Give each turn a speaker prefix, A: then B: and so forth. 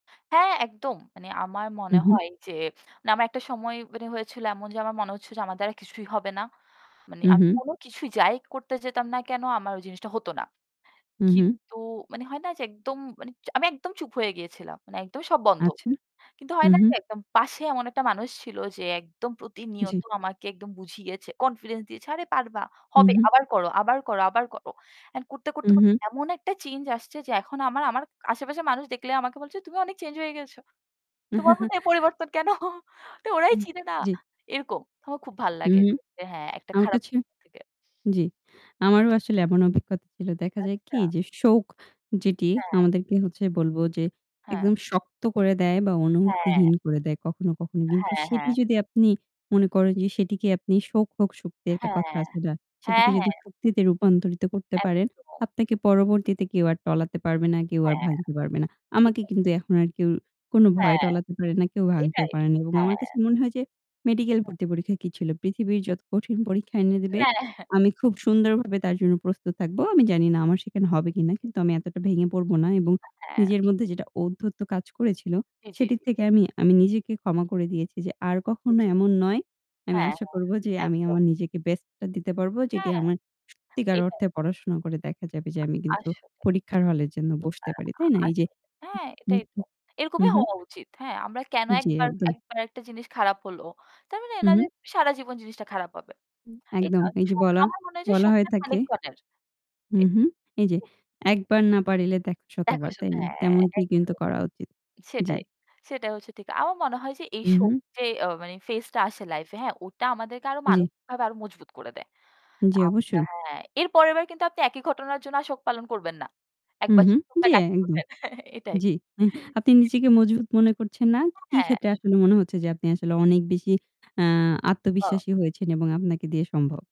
A: হ্যাঁ, একদম। মানে আমার মনে
B: উহুম।
A: হয় যে, মানে আমার একটা সময় মানে হয়েছিল এমন যে আমার মনে হচ্ছে যে আমার দ্বারা কিছুই হবে না। মানে আমি
B: উহুম।
A: কোনো কিছুই যাই করতে যেতাম না কেনো আমার ওই জিনিসটা হতো না।
B: উহুম।
A: কিন্তু মানে হয় না যে একদম মানে আমি একদম চুপ হয়ে গিয়েছিলাম, মানে একদমই সব বন্ধ।
B: আচ্ছা?
A: কিন্তু হয় না যে
B: উহুম।
A: একদম পাশে এমন একটা মানুষ ছিল যে একদম প্রতিনিয়ত
B: জি।
A: আমাকে একদম বুঝিয়েছে, confidence দিয়েছে, "আরে পারবা, হবে,
B: উহুম।
A: আবার করো, আবার করো, আবার করো।" And করতে, করতে, করতে
B: উহুম।
A: এমন একটা change আসছে যে এখন আমার আমার আশেপাশের মানুষ দেখলে আমাকে বলছে, "তুমি অনেক change হয়ে গেছ। তোমার মধ্যে এই পরিবর্তন কেন?" তো ওরাই
B: হুম,
A: চিনে না,
B: জি।
A: এরকম। আমার খুব ভালো লাগে
B: উহুম।
A: যে হ্যাঁ, একটা
B: আমার
A: খারাপ
B: কাছে
A: সময় থেকে
B: জি।
A: জি।
B: আমারও আসলে এমন অভিজ্ঞতা ছিল। দেখা যায় কি
A: আচ্ছা।
B: যে শোক যেটি
A: হ্যাঁ।
B: আমাদেরকে হচ্ছে বলব যে
A: হ্যাঁ।
B: একদম শক্ত করে দেয় বা
A: হ্যাঁ।
B: অনুভূতিহীন করে দেয় কখনো, কখনো। কিন্তু
A: হ্যাঁ,
B: সেটি
A: হ্যাঁ।
B: যদি আপনি মনে করেন যে সেটিকে আপনি, "শোক হোক শক্তি" একটা কথা
A: হ্যাঁ।
B: আছে যা,
A: হ্যাঁ,
B: সেটিকে যদি
A: হ্যাঁ।
B: শক্তিতে রূপান্তরিত করতে পারেন,
A: একদম।
B: আপনাকে পরবর্তীতে কেউ আর টলাতে পারবে না, কেউ আর
A: হ্যাঁ,
B: ভাঙতে পারবে না। আমাকে
A: এইটাই।
B: কিন্তু এখন আর কেউ কোনো ভয়ে
A: হ্যাঁ,
B: টলাতে পারে না, কেউ ভাঙতেও
A: এইটাই।
B: পারে নি এবং আমার
A: হ্যাঁ।
B: কাছে মনে হয় যে মেডিকেল
A: হ্যাঁ।
B: ভর্তি পরীক্ষা কি ছিল? পৃথিবীর যত কঠিন পরীক্ষা এনে দেবে
A: হ্যাঁ।
B: আমি খুব সুন্দরভাবে তার জন্য প্রস্তুত থাকব। আমি জানি না
A: জি,
B: আমার সেখানে হবে
A: জি,
B: কিনা
A: জি।
B: কিন্তু আমি এতটা ভেঙে পড়ব না এবং
A: আ হ্যাঁ।
B: নিজের মধ্যে যেটা ঔদ্ধত্য কাজ করেছিল,
A: জি, জি,
B: সেটির
A: জি।
B: থেকে আমি আমি নিজেকে ক্ষমা করে দিয়েছি যে আর
A: জি,
B: কখনো
A: জি।
B: এমন নয়। আমি
A: হ্যাঁ,
B: আশা
A: হ্যাঁ।
B: করব যে আমি
A: একদম।
B: আমার নিজেকে best টা দিতে পারব যেটি
A: হ্যাঁ,
B: আমার সত্যিকার
A: এইটাই।
B: অর্থে পড়াশোনা করে দেখা যাবে যে আমি
A: আ
B: কিন্তু
A: আসলে।
B: পরীক্ষার হলের জন্য
A: অ্যা
B: বসতে পারি,
A: আ
B: তাই না? এই যে
A: আসলে। হ্যাঁ,
B: হুম,
A: এটাই তো।
B: উহুম।
A: এরকমই
B: উহুম।
A: হওয়া উচিত। হ্যাঁ, আমরা কেন ১
B: জি,
A: বার
B: একদম।
A: ১ বার একটা জিনিস খারাপ হলো তার মানে এই না যে
B: উহুম।
A: সারা জীবন জিনিসটা খারাপ হবে।
B: উম,
A: এইটা
B: একদম। এই যে
A: শোক,
B: বলা
A: আমার মনে হয় যে
B: বলা হয়ে
A: শোকটা
B: থাকে
A: খানিকক্ষণের।
B: উহুম এই যে,
A: [unintelligible]
B: 'একবার না পারিলে দেখো
A: দেখো
B: শতবার',
A: শত,
B: তাই না?
A: হ্যাঁ,
B: তেমনটি কিন্তু
A: একদম।
B: করা উচিত। জি।
A: সেটাই, সেটাই হচ্ছে ঠিক। আমার মনে হয় যে এই শোক
B: উহুম।
A: যে আ মানে phase টা আসে life-এ হ্যাঁ, ওটা আমাদেরকে আরও
B: জি।
A: মানসিকভাবে আরও মজবুত করে দেয়।
B: জি,
A: আমরা
B: অবশ্যই।
A: হ্যাঁ, এরপরের বার কিন্তু আপনি একই ঘটনার জন্য আর শোক পালন করবেন না। একবার
B: উহুম।
A: যদি শোকটা
B: জি,
A: কাটিয়ে
B: একদম।
A: উঠেন। এটাই।
B: জি। আপনি নিজেকে
A: [unintelligible]
B: মজবুত মনে করছেন না?
A: [unintelligible]
B: কি
A: হ্যাঁ।
B: ক্ষেত্রে আসলে মনে হচ্ছে যে আপনি আসলে অনেক বেশি আ
A: ও।
B: আত্মবিশ্বাসী হয়েছেন এবং আপনাকে দিয়ে সম্ভব?